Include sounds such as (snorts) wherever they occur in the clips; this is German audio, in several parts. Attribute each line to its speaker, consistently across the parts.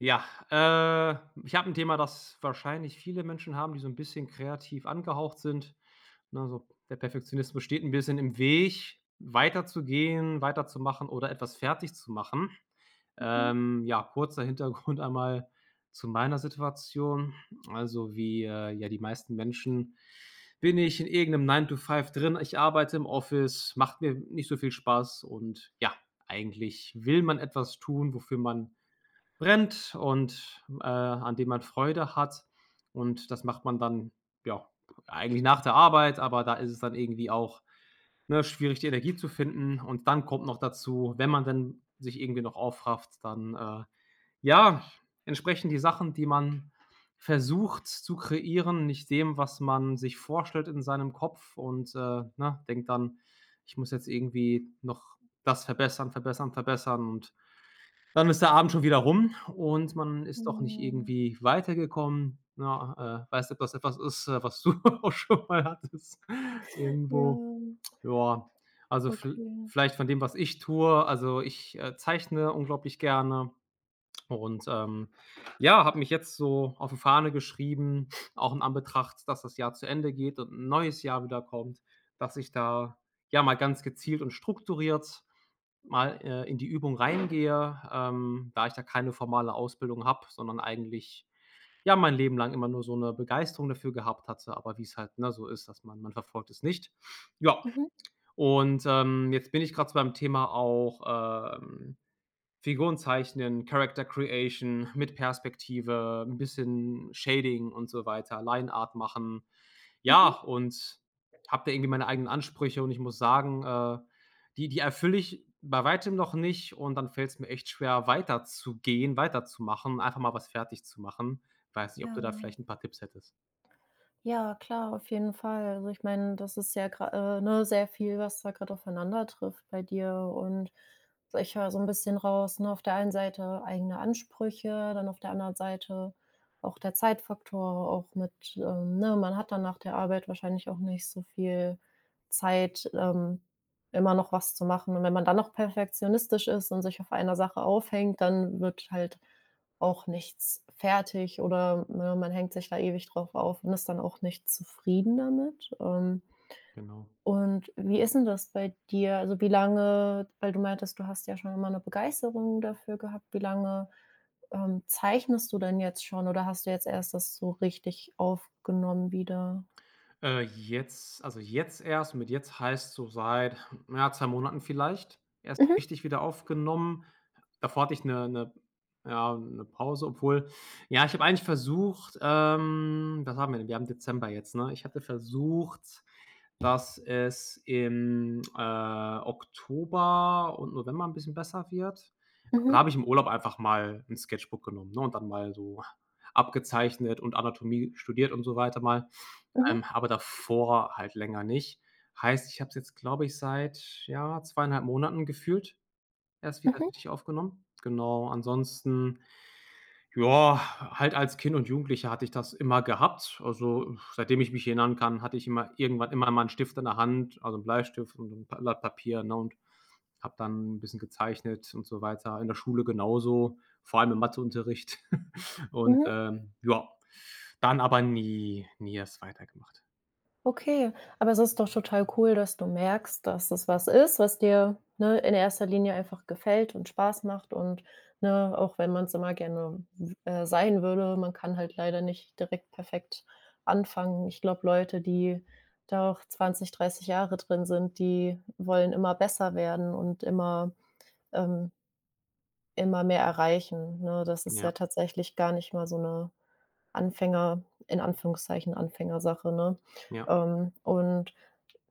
Speaker 1: Ja. Äh, ich habe 'n Thema, das wahrscheinlich viele Menschen haben, die so 'n bisschen kreativ angehaucht sind. Ne, so, der Perfektionismus steht 'n bisschen im Weg, weiterzugehen, weiterzumachen oder etwas fertig zu machen.
Speaker 2: Mhm.
Speaker 1: Ähm, ja, kurzer Hintergrund einmal zu meiner Situation. Also, wie, äh, ja die meisten Menschen bin ich in irgend 'nem Nine-to-Five drin. Ich arbeite im Office, macht mir nicht so viel Spaß und, ja, eigentlich will man etwas tun, wofür man brennt und, äh, an dem man Freude hat. Und das macht man dann, ja, eigentlich nach der Arbeit, aber da ist es dann irgendwie auch, ne, schwierig, die Energie zu finden. Und dann kommt noch dazu, wenn man denn sich irgendwie noch aufrafft, dann, äh, ja, entsprechen die Sachen, die man versucht zu kreieren, nicht dem, was man sich vorstellt in seinem Kopf und, äh, ne, denkt dann: „Ich muss jetzt irgendwie noch das verbessern, verbessern, verbessern.“ Und dann ist der Abend schon wieder rum und man ist doch nicht
Speaker 2: Mhm.
Speaker 1: irgendwie weitergekommen, ne? A äh, weiß nicht, ob das etwas ist, äh, was du auch schon mal hattest irgendwo.
Speaker 2: Ja.
Speaker 1: Ja, also, viel
Speaker 2: Okay.
Speaker 1: vielleicht von dem, was ich tue. Also, ich, äh, zeichne unglaublich gerne und, ähm, ja, habe mich jetzt so auf die Fahne geschrieben, auch in Anbetracht, dass das Jahr zu Ende geht und 'n neues Jahr wieder kommt, dass ich da, ja, mal ganz gezielt und strukturiert mal, äh, in die Übung reingehe, ähm, da ich da keine formale Ausbildung habe, sondern eigentlich, ja, mein Leben lang immer nur so 'ne Begeisterung dafür gehabt hatte. Aber wie's halt, ne, so ist, dass man man verfolgt es nicht. Ja,
Speaker 2: Mhm.
Speaker 1: und, ähm, jetzt bin ich grad so beim Thema auch, ähm, Figuren zeichnen, Character Creation, mit Perspektive, 'n bisschen Shading und so weiter Lineart machen, ja,
Speaker 2: Mhm.
Speaker 1: und habe da irgendwie meine eigenen Ansprüche. Und ich muss sagen, äh, die die erfülle ich bei Weitem noch nicht. Und dann fällt's mir echt schwer, weiterzugehen, weiterzumachen, einfach mal was fertigzumachen. Weiß nicht, ob du da
Speaker 2: Ja.
Speaker 1: vielleicht 'n paar Tipps hättest.
Speaker 2: Ja, klar, auf jeden Fall. Also, ich meine, das ist ja grad äh, ne, sehr viel, was da grad aufeinander trifft bei dir. Und, also, ich höre so 'n bisschen raus, ne, auf der einen Seite eigene Ansprüche, dann auf der anderen Seite auch der Zeitfaktor, auch mit, äh ne, man hat dann nach der Arbeit wahrscheinlich auch nicht so viel Zeit, ähm, immer noch was zu machen. Und wenn man dann noch perfektionistisch ist und sich auf einer Sache aufhängt, dann wird halt auch nichts fertig, oder, ne, man hängt sich da ewig drauf auf und ist dann auch nicht zufrieden damit, ähm
Speaker 1: Genau.
Speaker 2: und wie ist 'n das bei dir? Also, wie lange weil du meintest, du hast ja schon immer 'ne Begeisterung dafür gehabt. Wie lange, ähm, zeichnest du denn jetzt schon oder hast du jetzt erst das so richtig aufgenommen wieder?
Speaker 1: Äh, jetzt also, jetzt erst. Mit „jetzt“ heißt so seit, hm, ja, 2 Monaten vielleicht erst
Speaker 2: Mhm.
Speaker 1: richtig wieder aufgenommen. Davor hatte ich 'ne 'ne ja, 'ne Pause. Obwohl, ja, ich habe eigentlich versucht ähm, was haben wir denn? Wir haben Dezember jetzt, ne? Ich hatte versucht, dass es im, äh, Oktober und November 'n bisschen besser wird. Da
Speaker 2: Mhm.
Speaker 1: habe ich im Urlaub einfach mal 'n Sketchbook genommen, ne, und dann mal so abgezeichnet und Anatomie studiert und so weiter mal,
Speaker 2: Mhm.
Speaker 1: ähm, aber davor halt länger nicht. Heißt, ich habe es jetzt, glaube ich, seit, ja, 2,5 Monaten gefühlt erst wieder
Speaker 2: Mhm.
Speaker 1: richtig aufgenommen. Genau, ansonsten, jor, halt als Kind und Jugendlicher hatte ich das immer gehabt. Also, (exhales) seitdem ich mich erinnern kann, hatte ich immer irgendwann immer mal 'n Stift in der Hand, also, 'n Bleistift und 'n Blatt Papier, ne, und habe dann 'n bisschen gezeichnet und so weiter. In der Schule genauso, vor allem im Matheunterricht. (chuckles) Und,
Speaker 2: Mhm.
Speaker 1: ähm, jor, dann aber nie nie erst weitergemacht.
Speaker 2: Okay, aber es ist doch total cool, dass du merkst, dass es was ist, was dir, ne, in erster Linie einfach gefällt und Spaß macht und ne, auch wenn man's immer gerne w äh, sein würde, man kann halt leider nicht direkt perfekt anfangen. Ich glaube, Leute, die da auch 20, 30 Jahre drin sind, die wollen immer besser werden und immer, ähm immer mehr erreichen, ne? Das ist
Speaker 1: Ja.
Speaker 2: ja tatsächlich gar nicht mal so 'ne Anfänger in Anführungszeichen Anfängersache, ne?
Speaker 1: Ja.
Speaker 2: Ähm, und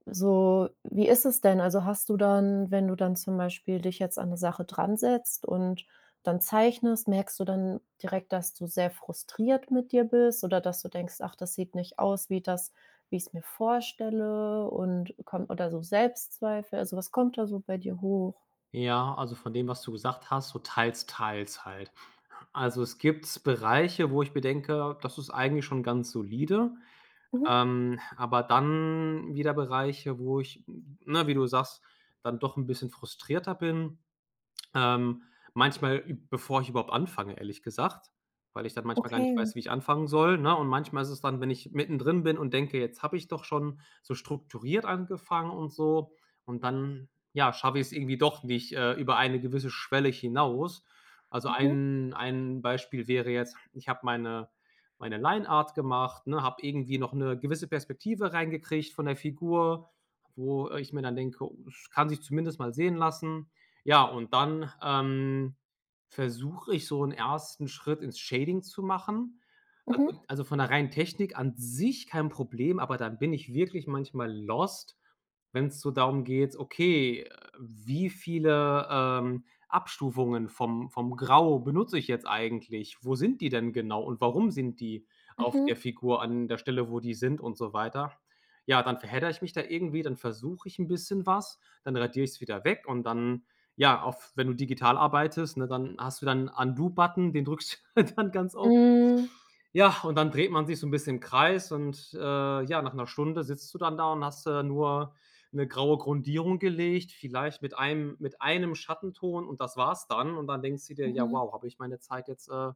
Speaker 2: so wie ist es denn also, hast du dann wenn du dann zum Beispiel dich jetzt an 'ne Sache dransetzt und dann zeichnest, merkst du dann direkt, dass du sehr frustriert mit dir bist oder dass du denkst: „Ach, das sieht nicht aus wie das wie ich's mir vorstelle“, und kom oder so Selbstzweifel? Also, was kommt da so bei dir hoch?
Speaker 1: Ja, also, von dem, was du gesagt hast, so teils-teils halt. Also, es gibt Bereiche, wo mir denke: „Das ist eigentlich schon ganz solide”,
Speaker 2: Mhm.
Speaker 1: ähm, aber dann wieder Bereiche, wo ich n ne, wie du sagst, dann doch 'n bisschen frustrierter bin, ähm, manchmal, bevor ich überhaupt anfange, ehrlich gesagt, weil ich dann manchmal gar nicht weiß,
Speaker 2: Okay.
Speaker 1: wie ich anfangen soll, ne? Und manchmal ist es dann wenn ich mittendrin bin und denke: „Jetzt habe ich doch schon so strukturiert angefangen”, und so, und dann, ja, schaffe ich es irgendwie doch nicht, äh, über eine gewisse Schwelle hinaus. Also,
Speaker 2: Mhm.
Speaker 1: ein ein Beispiel wäre jetzt: Ich habe meine meine Lineart gemacht, ne, habe irgendwie noch 'ne gewisse Perspektive reingekriegt von der Figur, wo ich mir dann denke: „Es kann sich zumindest mal sehen lassen.” Ja, und dann, ähm, versuche ich, so 'n 1. Schritt ins Shading zu machen. Also
Speaker 2: Mhm.
Speaker 1: also, von der reinen Technik an sich kein Problem, aber dann bin ich wirklich manchmal lost, wenn's so darum geht, okay, wie viele, ähm, Abstufungen vom vom Grau benutze ich jetzt eigentlich? Wo sind die denn genau und warum sind die auf
Speaker 2: Mhm.
Speaker 1: der Figur an der Stelle, wo die sind, und so weiter. Ja, dann verheddere ich mich da irgendwie. Dann versuche ich 'n bisschen was. Dann radiere ich's wieder weg und dann, ja, auf wenn du digital arbeitest, ne, dann hast du da 'n Undo-Button, den drückst du dann ganz oft.
Speaker 2: Mhm.
Speaker 1: Ja, und dann dreht man sich so 'n bisschen im Kreis und, äh, ja, nach 1 Stunde sitzt du dann da und hast da nur 'ne graue Grundierung gelegt, vielleicht mit einem mit einem Schattenton, und das war's dann. Und dann denkst du dir: „Ja,
Speaker 2: Mhm.
Speaker 1: wow, habe ich meine Zeit jetzt, äh,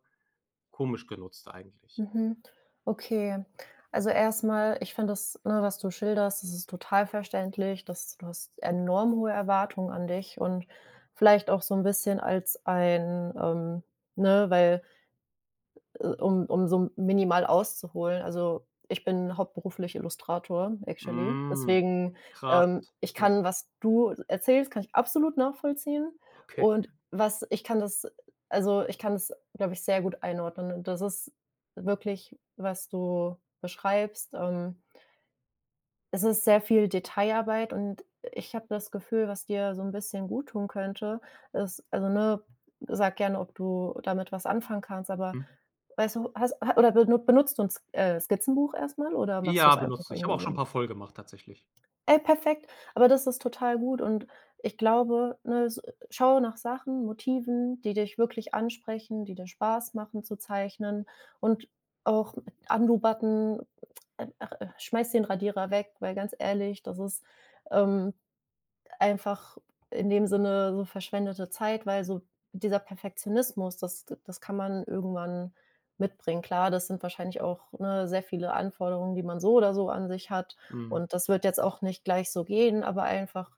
Speaker 1: komisch genutzt eigentlich.”
Speaker 2: Mhm. Okay, also, erst mal, ich finde das, ne, was du schilderst, das ist total verständlich, dass du hast enorm hohe Erwartungen an dich und vielleicht auch so 'n bisschen als ein ähm, ne, weil äh, um um so minimal auszuholen also, ich bin hauptberuflich Illustrator, actually,
Speaker 1: Hm.
Speaker 2: deswegen,
Speaker 1: Krass.
Speaker 2: ähm, ich
Speaker 1: Ja.
Speaker 2: kann was du erzählst, kann ich absolut nachvollziehen
Speaker 1: Okay.
Speaker 2: und was ich kann das äh, also, ich kann das, glaube ich, sehr gut einordnen und das ist wirklich, was du beschreibst, ähm es ist sehr viel Detailarbeit und ich habe das Gefühl, was dir so 'n bisschen guttun könnte, ist also, ne, sage gerne, ob du damit was anfangen kannst, aber
Speaker 1: Hm.
Speaker 2: weißt du has ha oder ben benutzt du 'n S äh, Skizzenbuch erst mal oder machst
Speaker 1: Ja,
Speaker 2: du's einfach
Speaker 1: benutzte ich, habe
Speaker 2: irgendwie
Speaker 1: auch schon 'n
Speaker 2: so?
Speaker 1: paar voll gemacht tatsächlich.
Speaker 2: Ey, perfekt, aber das ist total gut und, ich glaube, ne, s schaue nach Sachen, Motiven, die dich wirklich ansprechen, die dir Spaß machen zu zeichnen und auch Undo-Button ach, äh, schmeiß den Radierer weg, weil ganz ehrlich, das ist, ähm, einfach in dem Sinne so verschwendete Zeit, weil so dieser Perfektionismus, das d das kann man irgendwann mitbringen. Klar, das sind wahrscheinlich auch, ne, sehr viele Anforderungen, die man so oder so an sich hat,
Speaker 1: Mhm.
Speaker 2: und das wird jetzt auch nicht gleich so gehen, aber einfach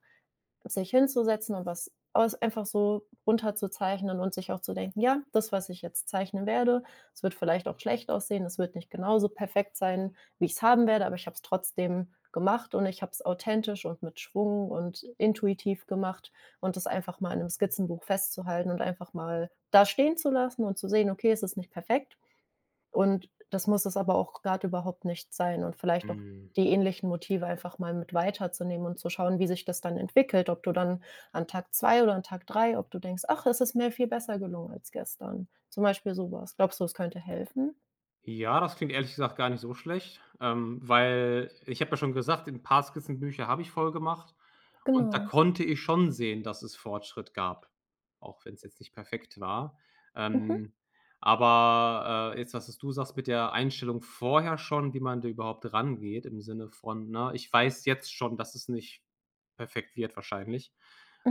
Speaker 2: sich hinzusetzen und was aus einfach so runter zu zeichnen und sich auch zu denken: „Ja, das, was ich jetzt zeichnen werde, es wird vielleicht auch schlecht aussehen. Es wird nicht genauso perfekt sein, wie ich's haben werde, aber ich habe es trotzdem gemacht und ich habe es authentisch und mit Schwung und intuitiv gemacht”, und das einfach mal in 'nem Skizzenbuch festzuhalten und einfach mal da stehenzulassen und zu sehen: „Okay, es ist nicht perfekt.” Und das muss es aber auch grad überhaupt nicht sein und vielleicht auch
Speaker 1: Mhm.
Speaker 2: die ähnlichen Motive einfach mal mit weiter zu nehmen und zu schauen, wie sich das dann entwickelt, ob du dann an Tag 2 oder an Tag 3, ob du denkst: „Ach, es ist mir viel besser gelungen als gestern“, zum Beispiel so was. Glaubst du, es könnte helfen?
Speaker 1: Ja, das klingt ehrlich gesagt gar nicht so schlecht, ähm, weil ich habe ja schon gesagt: „'N paar Skizzenbücher habe ich voll gemacht”, und da
Speaker 2: Genau.
Speaker 1: konnte ich schon sehen, dass es Fortschritt gab, auch wenn’s jetzt nicht perfekt war.
Speaker 2: Mhm.
Speaker 1: Ähm, aber, äh, jetzt, das, was du sagst, mit der Einstellung vorher schon, wie man da überhaupt rangeht im Sinne von: „Ne, ich weiß jetzt schon, dass es nicht perfekt wird wahrscheinlich,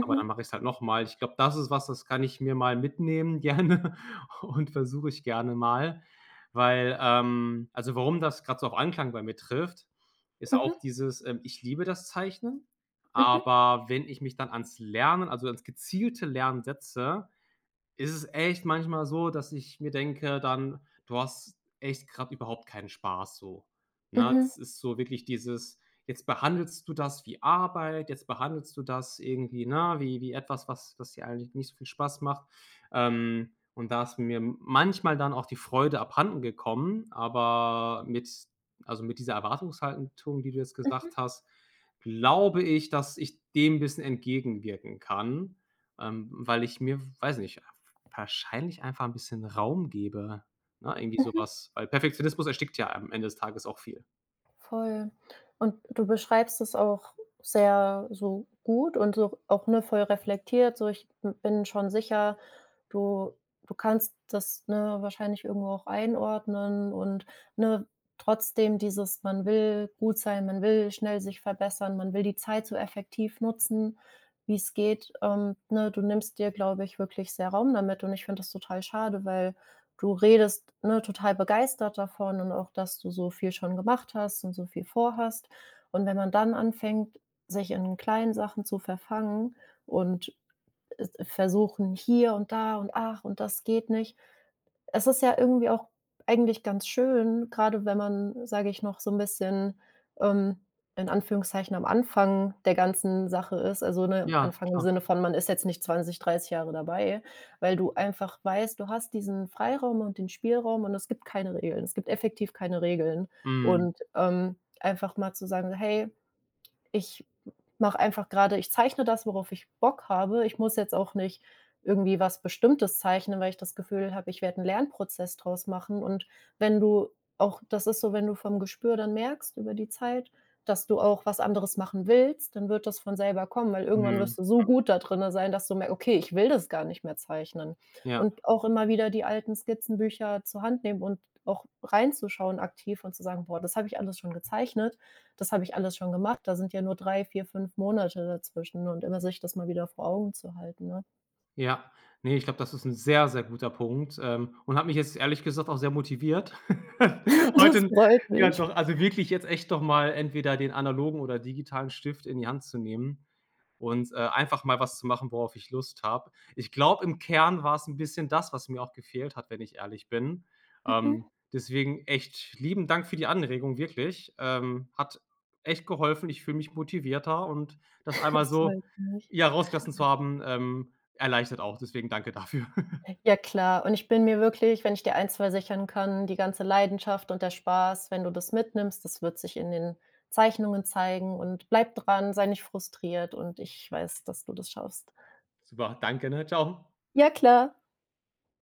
Speaker 1: aber dann mache ich es halt noch mal.” Ich glaube, das ist was, das kann ich mir mal mitnehmen gerne und versuche ich gerne mal, weil ähm, also, warum das grad so auf Anklang bei mir trifft, ist auch
Speaker 2: Mhm.
Speaker 1: dieses, ähm: „Ich liebe das Zeichnen”,
Speaker 2: Mhm.
Speaker 1: aber wenn ich mich dann ans Lernen also, ans gezielte Lernen, setze, ist es echt manchmal so, dass ich mir denke dann: „Du hast echt grad überhaupt keinen Spaß”, so, ne?
Speaker 2: Mhm.
Speaker 1: Es ist so wirklich dieses: „Jetzt behandelst du das wie Arbeit, jetzt behandelst du das irgendwie, ne, wie wie etwas, was das dir eigentlich nicht so viel Spaß macht.” Ähm, und da ist mir manchmal dann auch die Freude abhandengekommen, aber mit also, mit dieser Erwartungshaltung, die du jetzt
Speaker 2: Mhm.
Speaker 1: gesagt hast, glaube ich, dass ich dem bisschen entgegenwirken kann, ähm, weil ich mir, weiß ich nicht, wahrscheinlich einfach ’n bisschen Raum gebe, ne, irgendwie so
Speaker 2: Mhm.
Speaker 1: was, weil Perfektionismus erstickt ja am Ende des Tages auch viel.
Speaker 2: Voll. Und du beschreibst es auch sehr so gut und so auch, ne, voll reflektiert so: „Ich b bin schon sicher.” Du du kannst das, ne, wahrscheinlich irgendwo auch einordnen und, ne, trotzdem dieses: „Man will gut sein, man will schnell sich verbessern, man will die Zeit so effektiv nutzen, wie's geht”, ähm, ne? Du nimmst dir, glaube ich, wirklich sehr Raum damit und ich finde das total schade, weil du redest, ne, total begeistert davon und auch, dass du so viel schon gemacht hast und so viel vorhast. Und wenn man dann anfängt, sich in kleinen Sachen zu verfangen und, äh, äh, versuchen: „Hier und da und, ach, und das geht nicht.” Es ist ja irgendwie auch eigentlich ganz schön, grade wenn man, sage ich, noch so 'n bisschen, ähm, in Anführungszeichen am Anfang der ganzen Sache ist, also, ne,
Speaker 1: Ja,
Speaker 2: Anfang im
Speaker 1: klar.
Speaker 2: Sinne von, man ist jetzt nicht 20, 30 Jahre dabei, weil du einfach weißt, du hast diesen Freiraum und den Spielraum und es gibt keine Regeln. Es gibt effektiv keine Regeln
Speaker 1: Mhm.
Speaker 2: und, ähm, einfach mal zu sagen: „Hey, ich m mache einfach grade ich zeichne das, worauf ich Bock habe. Ich muss jetzt auch nicht irgendwie was Bestimmtes zeichnen, weil ich das Gefühl habe, ich werde 'n Lernprozess draus machen.” Und wenn du auch das ist so, wenn du vom Gespür dann merkst über die Zeit, dass du auch was anderes machen willst, dann wird das von selber kommen, weil
Speaker 1: Mhm,
Speaker 2: irgendwann
Speaker 1: mhm.
Speaker 2: wirst du so gut da drinne sein, dass du merkst: „Okay, ich will das gar nicht mehr zeichnen.“
Speaker 1: Ja.
Speaker 2: Und auch immer wieder die alten Skizzenbücher zur Hand nehmen und auch reinzuschauen aktiv und zu sagen: „Boah, das habe ich alles schon gezeichnet, das habe ich alles schon gemacht. Da sind ja nur 3, 4, 5 Monate dazwischen”, und immer sich das mal wieder vor Augen zu halten, ne?
Speaker 1: Ja, ne, ich glaube, das ist 'n sehr, sehr guter Punkt, ähm, und hat mich jetzt ehrlich gesagt auch sehr motiviert
Speaker 2: (snorts)
Speaker 1: (chuckles)
Speaker 2: Das
Speaker 1: heute
Speaker 2: freut
Speaker 1: ja
Speaker 2: mich.
Speaker 1: doch, also, wirklich jetzt echt doch mal entweder den analogen oder digitalen Stift in die Hand zu nehmen und, äh, einfach mal was zu machen, worauf ich Lust habe. Ich glaube, im Kern war's 'n bisschen das, was mir auch gefehlt hat, wenn ich ehrlich bin,
Speaker 2: Mhm.
Speaker 1: ähm, deswegen echt lieben Dank für die Anregung, wirklich, ähm, hat echt geholfen. Ich fühle mich motivierter und das
Speaker 2: (snorts)
Speaker 1: einmal
Speaker 2: Das
Speaker 1: so,
Speaker 2: freut mich.
Speaker 1: ja, rausgelassen zu haben, ähm, erleichtert auch. Deswegen danke dafür. (chuckles)
Speaker 2: Hey, ja klar, und ich bin mir wirklich wenn ich dir eins versichern kann, die ganze Leidenschaft und der Spaß, wenn du das mitnimmst, das wird sich in den Zeichnungen zeigen, und bleibe dran, sei nicht frustriert, und ich weiß, dass du das schaffst.
Speaker 1: Super, danke, ne, tschau.
Speaker 2: Ja, klar.